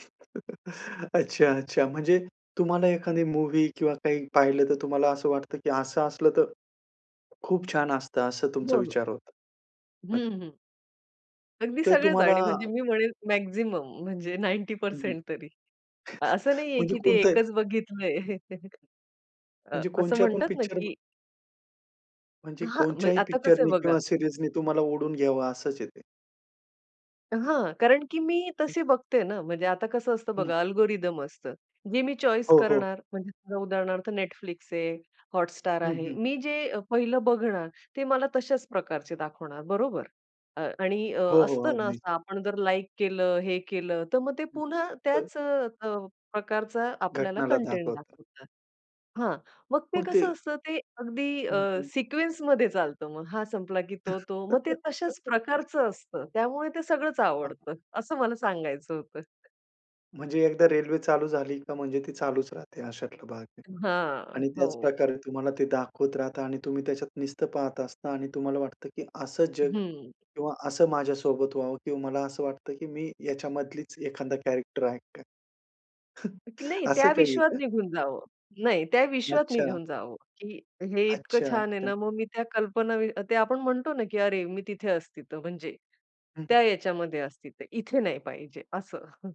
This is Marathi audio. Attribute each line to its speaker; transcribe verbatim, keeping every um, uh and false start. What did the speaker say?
Speaker 1: अच्छा, अच्छा. म्हणजे तुम्हाला एखादी मूव्ही किंवा काही पाहिलं तर तुम्हाला असं वाटतं की असं असलं तर खूप छान असतं, असं तुमचा
Speaker 2: हो, हो.
Speaker 1: विचार होता. अ
Speaker 2: हं, हं. अगदी
Speaker 1: तर
Speaker 2: सगळंच
Speaker 1: तुम्हाला
Speaker 2: आणि म्हणजे मी म्हणेल मॅक्सिमम म्हणजे नाइन्टी
Speaker 1: हं, हं.
Speaker 2: पर्सेंट तरी. असं नाहीये
Speaker 1: म्हणजे
Speaker 2: की ते
Speaker 1: कोणतं आहे?
Speaker 2: एकच बघितलंय. अ,
Speaker 1: म्हणजे
Speaker 2: असं
Speaker 1: कोणच्या पण
Speaker 2: म्हणतात ना,
Speaker 1: पिक्चरम
Speaker 2: की
Speaker 1: म्हणजे
Speaker 2: हां, म्हणजे
Speaker 1: कोणच्याही
Speaker 2: आता कसं आहे
Speaker 1: पिक्चरनी
Speaker 2: बघा
Speaker 1: किंवा सिरीजनी तुम्हाला ओढून घ्यावं असच आहे ते.
Speaker 2: हां, कारण की मी
Speaker 1: हं.
Speaker 2: तसे बघते ना. म्हणजे आता कसं असतं
Speaker 1: हं.
Speaker 2: बघा अल्गोरिदम असतं. जे मी चॉइस
Speaker 1: हो, हो.
Speaker 2: करणार म्हणजे उदाहरणार्थ Netflix आहे, हॉटस्टार
Speaker 1: हं,
Speaker 2: आहे.
Speaker 1: हं.
Speaker 2: मी जे अ, पहिलं बघणार ते मला तश्याच प्रकारचे दाखवणार, बरोबर. अ, आणि अ,
Speaker 1: हो, हो.
Speaker 2: असतं ना
Speaker 1: अगदीच.
Speaker 2: असं आपण जर लाइक केलं, हे केलं, तर मग ते
Speaker 1: हं.
Speaker 2: पुन्हा
Speaker 1: तर
Speaker 2: त्याच अ, प्रकारचा आपल्याला
Speaker 1: घटनाला
Speaker 2: कंटेंट
Speaker 1: दाखवतात.
Speaker 2: दाखवतात. हां, मग ते
Speaker 1: मग ते
Speaker 2: कसं असतं, ते अगदी
Speaker 1: हं,
Speaker 2: अ,
Speaker 1: हं.
Speaker 2: सिक्वेन्समध्ये चालतं मग हा संपला की तो, तो मग ते तश्याच प्रकारचं असतं. त्यामुळे ते सगळंच
Speaker 1: हां.
Speaker 2: आवडतं असं मला सांगायचं होतं.
Speaker 1: म्हणजे एकदा रेल्वे चालू झाली का म्हणजे ती चालूच राहते अशातला भाग आहे.
Speaker 2: हां,
Speaker 1: आणि
Speaker 2: हो.
Speaker 1: त्याचप्रकारे तुम्हाला ते दाखवत राहतं आणि तुम्ही त्याच्यात नुसतं पाहत असता आणि तुम्हाला वाटतं, की असं जग
Speaker 2: हं.
Speaker 1: किंवा असं माझ्यासोबत व्हावं किंवा मला असं वाटतं, की मी याच्यामधलीच एखादा कॅरेक्टर आहे का
Speaker 2: की नाही
Speaker 1: असं
Speaker 2: त्या
Speaker 1: काही आहे
Speaker 2: विश्वात
Speaker 1: का?
Speaker 2: निघून जावं नाही त्या विश्वात
Speaker 1: अच्छा.
Speaker 2: निघून जावं, की हे इतकं
Speaker 1: अच्छा,
Speaker 2: छान आहे
Speaker 1: अच्छा.
Speaker 2: ना, मग मी त्या कल्पना ते आपण म्हणतो ना की अरे! मी तिथे असती तर, म्हणजे
Speaker 1: हं, हं.
Speaker 2: त्या याच्यामध्ये असती तर इथे नाही पाहिजे असं.